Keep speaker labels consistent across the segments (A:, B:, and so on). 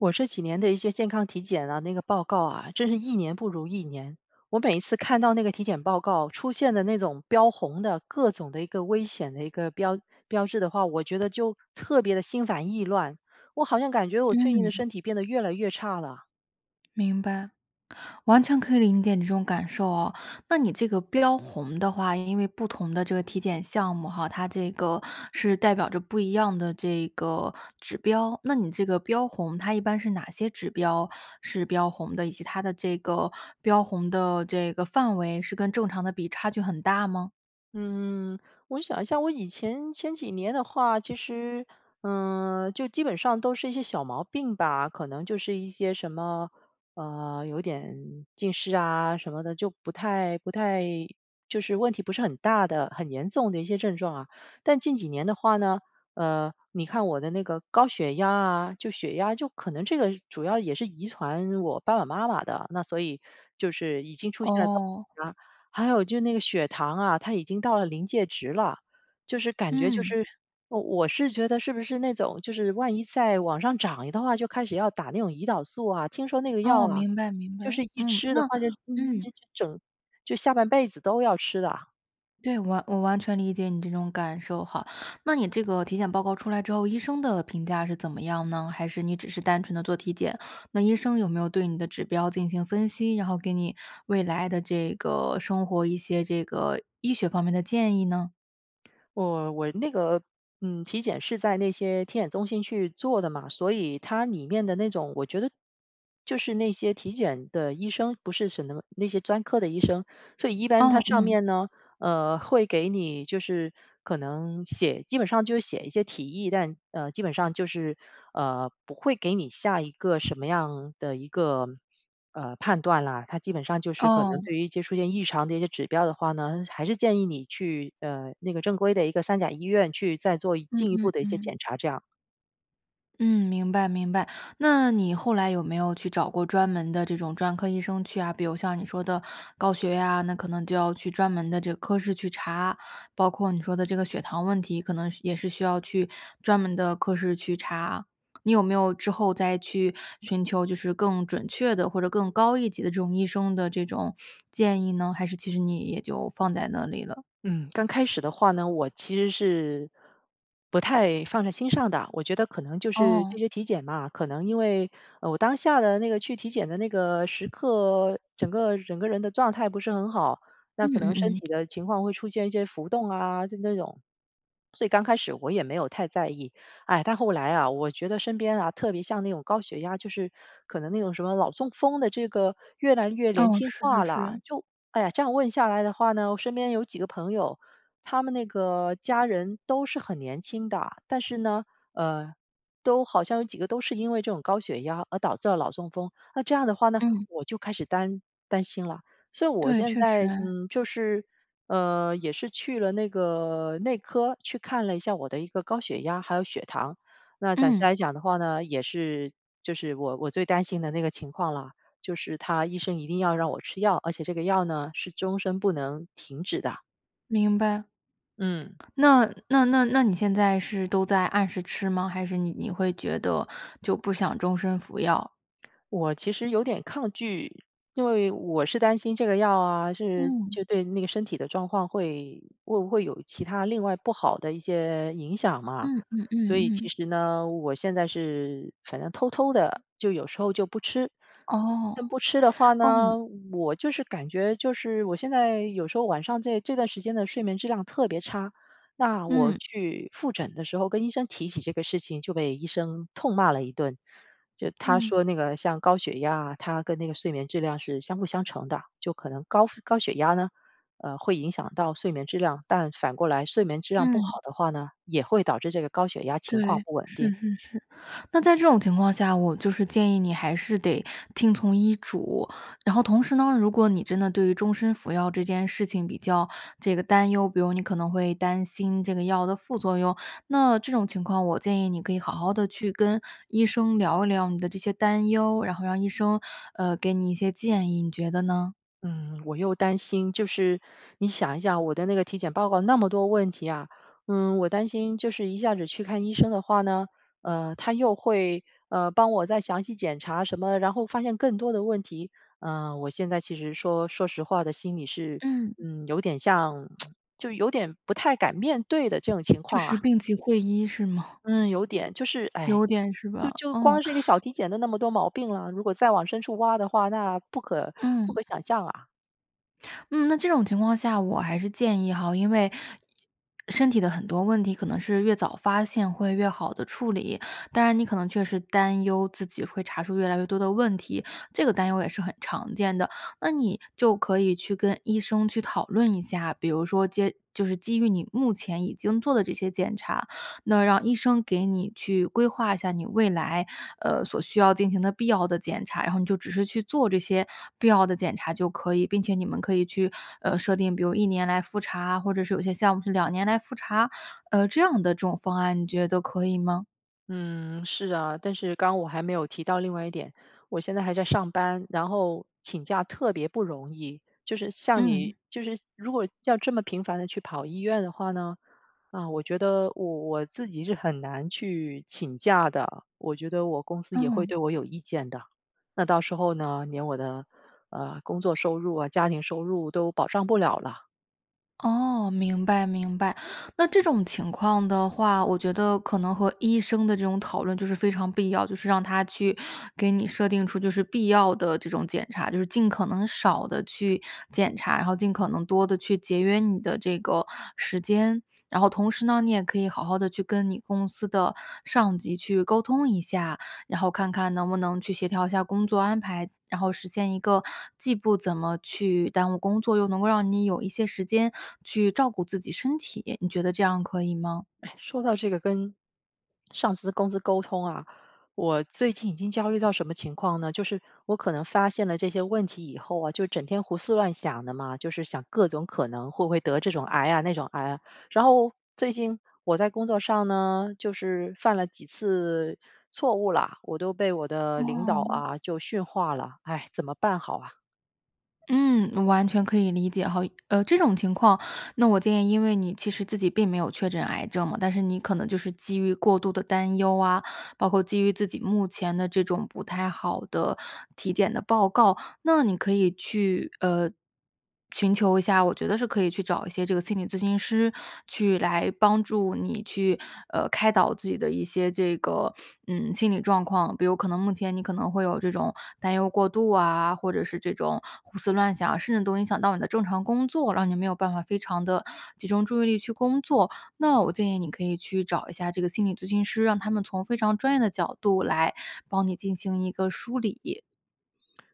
A: 我这几年的一些健康体检啊，那个报告啊，真是1年不如1年。我每一次看到那个体检报告出现的那种标红的，各种的一个危险的一个标标志的话，我觉得就特别地心烦意乱，我好像感觉我最近的
B: 嗯。
A: 身体变得越来越差了。
B: 明白。完全可以理解你这种感受啊。那你这个标红的话，因为不同的这个体检项目哈，它这个是代表着不一样的这个指标。那你这个标红它一般是哪些指标是标红的，以及它的这个标红的这个范围是跟正常的比差距很大吗？
A: 嗯，我想一下我以前前几年的话其实，嗯，就基本上都是一些小毛病吧，可能就是一些什么，呃，有点近视啊什么的，就不太，不太就是问题不是很大的、很严重的一些症状啊。但近几年的话呢，呃，你看我的那个高血压啊，就血压就可能这个主要也是遗传我爸爸妈妈的，那所以就是已经出现了高
B: 哦。
A: 血压，还有就那个血糖啊，它已经到了临界值了，就是感觉就
B: 嗯。
A: 是我我是觉得是不是那种，就是万一再往上涨一的话就开始要打那种胰岛素啊，听说那个药
B: 哦，
A: 啊，
B: 明白，明
A: 就
B: 白。
A: 是一
B: 嗯，
A: 吃的
B: 那
A: 话就
B: 嗯。
A: 整就下半辈子都要吃的啊。
B: 对，完我完全理解你这种感受哈。那你这个体检报告出来之后，医生的评价是怎么样呢？还是你只是单纯地做体检，那医生有没有对你的指标进行分析，然后给你未来的这个生活一些这个医学方面的建议呢？
A: 我，我那个，嗯，体检是在那些体检中心去做的嘛，所以它里面的那种我觉得就是那些体检的医生，不是什么那些专科的医生，所以一般它
B: 哦，
A: 上
B: 嗯。
A: 面呢，呃，会给你就是可能写基本上就是写一些提议，但，呃，基本上就是，呃，不会给你下一个，什么样的一个，呃，判断啦。它基本上就是可能
B: 哦。
A: 对于一些出现异常的一些指标的话呢，还是建议你去，呃，那个正规的一个三甲医院去再做一
B: 嗯
A: 进一步
B: 嗯
A: 的一些
B: 嗯。
A: 检查，这样。
B: 嗯，明白，明白，那你后来有没有去找过专门的这种专科医生去啊？比如像你说的高血压，那可能就要去专门的这科室去查；包括你说的这个血糖问题，可能需也是需要去专门的科室去查。你有没有之后再去寻求就是更准确的或者更高一级的这种医生的这种建议呢，还是其实你也就放在那里了。
A: 嗯，刚开始的话呢，我其实是，不太放在心上的，我觉得可能就是这
B: 哦。
A: 些体检吧，可能因为，呃，我当下的那个去体检的那个时刻，整个整个人的状态不是很好，那
B: 嗯
A: 可
B: 嗯
A: 能身
B: 嗯。
A: 体的情况会出现一些浮动啊，就那种，所以刚开始我也没有太在意。哎，但后来啊，我觉得身边啊，特别像那种高血压，就是可能那种什么脑中风的这个越来越连
B: 嗯，
A: 轻
B: 是是
A: 化了，
B: 是。
A: 就哎呀，这样问下来的话呢，我身边有几个朋友，他们那个家人都是很年轻的，但是呢，呃，都好像有几个都是因为这种高血压而导致了脑中风。那这样的话呢，
B: 嗯。
A: 我就开始担，担心了。所以我
B: 对，
A: 现
B: 确实。
A: 在，嗯，就是，呃，也是去了那个内科去看了一下我的一个高血压，还有血糖，那暂时
B: 嗯。
A: 来讲的话呢，也是就是我我最担心的那个情况了，就是他医生一定要让我吃药，而且这个药呢，是终身不能停止的。
B: 明白。
A: 嗯。
B: 那，那那那你现在是都在按时吃吗？还是你你会觉得就不想终身服药？
A: 我其实有点抗拒，因为我是担心这个药啊，是
B: 嗯。
A: 就对那个身体的状况会会不会有其它另外不好的一些影响嘛。
B: 嗯，嗯
A: 所以
B: 嗯
A: 其
B: 嗯。
A: 实呢，我现在是反正偷偷地就有时候就不吃。
B: 哦，
A: 但不吃的话呢，
B: 嗯。
A: 我就是感觉就是我现在有时候晚上这这段时间的睡眠质量特别差，那我
B: 嗯。
A: 去复诊的时候跟医生提起这个事情，就被医生痛骂了一顿。就他
B: 嗯。
A: 说那个像高血压啊，它跟那个睡眠质量是相辅相成的，就可能高高血压呢，呃，会影响到睡眠质量，但反过来睡眠质量不好
B: 嗯。
A: 的话呢，也会导致这个高血压情况
B: 对，
A: 不稳
B: 是
A: 定。
B: 是是，那在这种情况下，我就是建议你还是得听从医嘱，然后同时呢，如果你真的对于终身服药这件事情比较这个担忧，比如你可能会担心这个药的副作用，那这种情况我建议你可以好好地去跟医生聊一聊你的这些担忧，然后让医生，呃，给你一些建议，你觉得呢？
A: 嗯，我又担心，就是你想一想我的那个体检报告那么多问题啊，嗯，我担心就是一下子去看医生的话呢，呃，他又会，呃，帮我再详细检查什么，然后发现更多的问题，呃，我现在其实说，说实话的心里是，
B: 嗯。
A: 嗯，有点像 就有点不太敢面对的这种情
B: 就
A: 况啊。
B: 是病急讳医是吗？
A: 嗯，有点，就是唉，
B: 有点是
A: 就
B: 吧？
A: 就
B: 嗯。
A: 光是一个小体检都那么多毛病了，如果再往深处挖的话，那不可，不
B: 嗯。
A: 可想象啊。
B: 嗯，那这种情况下我还是建议哈，因为，身体的很多问题可能是越早发现会越好地处理，当然你可能确实担忧自己会查出越来越多的问题，这个担忧也是很常见的，那你就可以去跟医生去讨论一下，比如说接就是基于你目前已经做的这些检查。那让医生给你去规划一下你未来，呃，所需要进行的必要的检查，然后你就只是去做这些必要的检查就可以，并且你们可以去，呃，设定，比如1年来复查，或者是有些项目是2年来复查，呃，这样的这种方案你觉得可以吗？
A: 嗯，是啊，但是刚我还没有提到另外一点，我现在还在上班，然后请假特别不容易，就是像你
B: 嗯。
A: 就是如果要这么频繁地去跑医院的话呢，啊，我觉得我我自己是很难去请假的，我觉得我公司也会
B: 嗯。
A: 对我有意见的。那到时候呢，连我的，呃，工作收入啊、家庭收入都保障不了了。
B: 哦，明白，明白，那这种情况的话，我觉得可能和医生的这种讨论就是非常必要，就是让他去给你设定出就是必要的这种检查，就是尽可能少地去检查，然后尽可能多地去节约你的这个时间。然后同时呢，你也可以好好地去跟你公司的上级去沟通一下，然后看看能不能去协调一下工作安排，然后实现一个既不怎么去耽误工作，又能够让你有一些时间去照顾自己身体，你觉得这样可以吗？
A: 唉，说到这个跟上司、公司沟通啊，我最近已经焦虑到什么情况呢？就是我可能发现了这些问题以后啊，就整天胡思乱想的嘛，就是想各种可能会不会得这种癌啊、那种癌啊，然后最近我在工作上呢，就是犯了几次错误了，我都被我的领导
B: 哦。
A: 啊，就训话了，唉，怎么办好啊？
B: 嗯，我完全可以理解哈。呃，这种情况，那我建议因为你其实自己并没有确诊癌症嘛，但是你可能就是基于过度地担忧啊，包括基于自己目前的这种不太好的体检的报告。那你可以去，呃，寻求一下我觉得是可以去找一些这个心理咨询师去来帮助你去，呃，开导自己的一些这个，嗯，心理状况。比如可能目前你可能会有这种担忧过度啊，或者是这种胡思乱想啊，甚至都影响到你的正常工作，让你没有办法非常的集中注意力去工作，那我建议你可以去找一下这个心理咨询师，让他们从非常专业的角度来帮你进行一个梳理。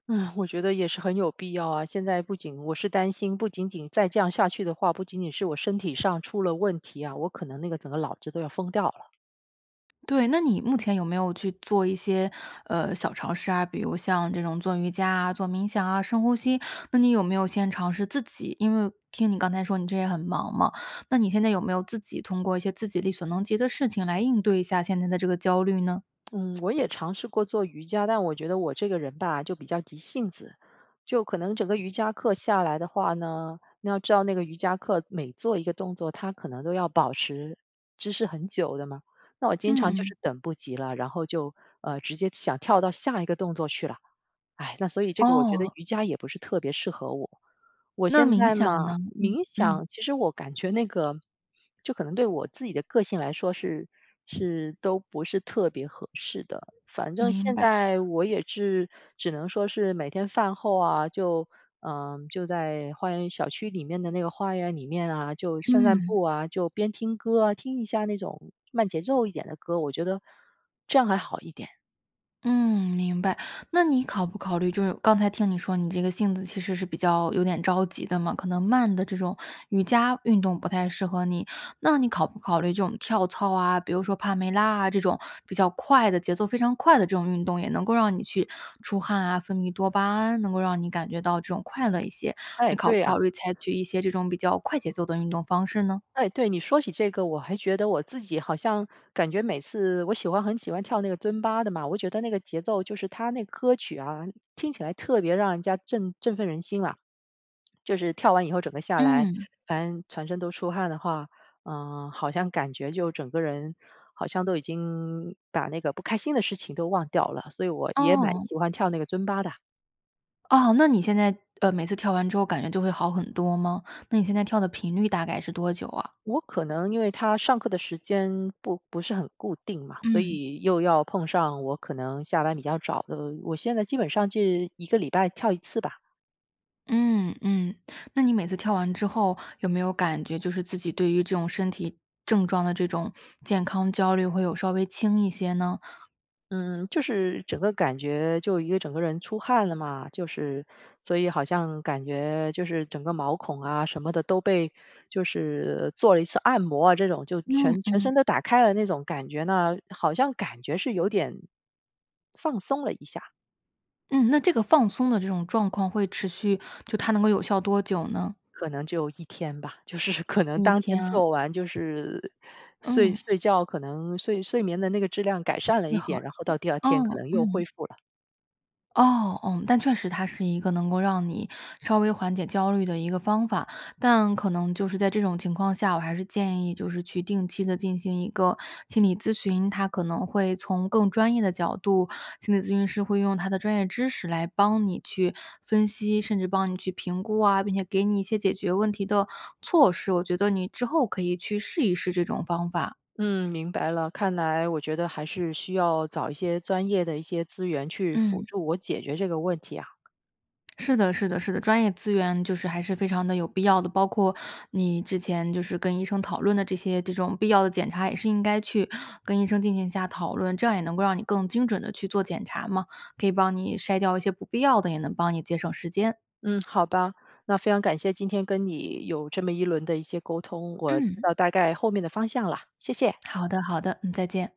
A: 唉，我觉得也是很有必要啊，现在不仅我是担心，不仅仅再这样下去的话，不仅仅是我身体上出了问题啊，我可能那个整个脑子都要疯掉了。
B: 对，那你目前有没有去做一些，呃，小尝试啊，比如像这种做瑜伽啊、做冥想啊、深呼吸，那你有没有先尝试自己因为听你刚才说你这也很忙嘛，那你现在有没有自己通过一些自己力所能及的事情来应对一下现在的这个焦虑呢？
A: 嗯，我也尝试过做瑜伽，但我觉得我这个人吧，就比较急性子，就可能整个瑜伽课下来的话呢，你要知道那个瑜伽课每做一个动作，它可能都要保持姿势很久的嘛，那我经常就
B: 嗯嗯。
A: 是等不及了，然后就，呃，直接想跳到下一个动作去了。唉，那所以这个我觉得
B: 哦。
A: 瑜伽也不是特别适合我。我
B: 那
A: 现
B: 冥
A: 在
B: 想
A: 嘛
B: 呢？
A: 冥
B: 嗯，嗯。
A: 想其实我感觉那个，就可能对我自己的个性来说是，是，都不是特别合适的。反正
B: 明
A: 现
B: 白。
A: 在我也是只能说是每天饭后啊，就，呃，就在花园-小区里面的那个花园里面啊，就散散
B: 嗯。
A: 步啊，就边听歌啊，听一下那种慢节奏一点的歌，我觉得这样还好一点。
B: 嗯，明白，那你考不考虑就是刚才听你说你这个性子其实是比较有点着急的嘛，可能慢的这种瑜伽运动不太适合你。那你考不考虑这种跳操啊，比如说帕梅拉啊这种，比较快的、节奏非常快的这种运动，也能够让你去出汗啊、分泌多巴胺，能够让你感觉到这种快乐一些，
A: 哎，
B: 你考不
A: 对啊。
B: 考虑采取一些这种比较快节奏的运动方式呢？
A: 哎，对，你说起这个，我还觉得我自己好像感觉每次我喜欢很喜欢跳那个尊巴的嘛，我觉得那个节奏就是它那歌曲啊，听起来特别让人家振振奋人心啊，就是跳完以后整个下来，
B: 嗯。
A: 反正全身都出汗的话，呃，好像感觉就整个人，好像都已经把那个不开心的事情都忘掉了，所以我也蛮
B: 哦。
A: 喜欢跳那个尊巴的。
B: 哦，那你现在，呃，每次跳完之后感觉就会好很多吗？那你现在跳的频率大概是多久啊？
A: 我可能因为它上课的时间不不是很固定嘛，所
B: 嗯。
A: 以又要碰上我可能下班比较早的，我现在基本上是1个礼拜跳1次吧。
B: 嗯，嗯，那你每次跳完之后，有没有感觉就是自己对于这种身体症状的这种健康焦虑会有稍微轻一些呢？
A: 嗯，就是整个感觉就一个整个人出汗了嘛，就是，所以好像感觉就是整个毛孔啊什么的都被就是做了1次按摩啊，这种就
B: 嗯，
A: 全全身
B: 嗯。
A: 都打开了，那种感觉呢，好像感觉是有点，放松了一下。
B: 嗯，那这个放松的这种状况会持续，就它能够有效多久呢？
A: 可能就1天吧，就是可能
B: 1
A: 当天
B: 天啊？
A: 做完就是，睡
B: 嗯。
A: 睡觉，可能睡睡眠的那个质量改善了
B: 会
A: 一
B: 好
A: 点，然后到第2
B: 嗯，
A: 天可能又
B: 嗯。
A: 恢复了。
B: 哦，嗯，但确实它是一个能够让你稍微缓解焦虑的一个方法，但可能就是在这种情况下，我还是建议就是去定期地进行一个心理咨询，它可能会从更专业的角度-心理咨询师会用他的专业知识来帮你去分析，甚至帮你去评估啊，并且给你一些解决问题的措施。我觉得你之后可以去试一试这种方法。
A: 嗯，明白了，看来我觉得还是需要找一些专业的一些资源去辅
B: 嗯。
A: 助我解决这个问题啊。
B: 是的，是的，是的，专业资源就是还是非常地有必要的，包括你之前就是跟医生讨论的这些这种必要的检查也是应该去跟医生进行下讨论，这样也能够让你更精准地去做检查嘛，可以帮你筛掉一些不必要的，也能帮你节省时间。
A: 嗯，好吧，那非常感谢今天跟你有这么一轮的一些沟通，我知
B: 嗯。
A: 道大概后面的方向了，谢谢。
B: 好的，好的，嗯，再见。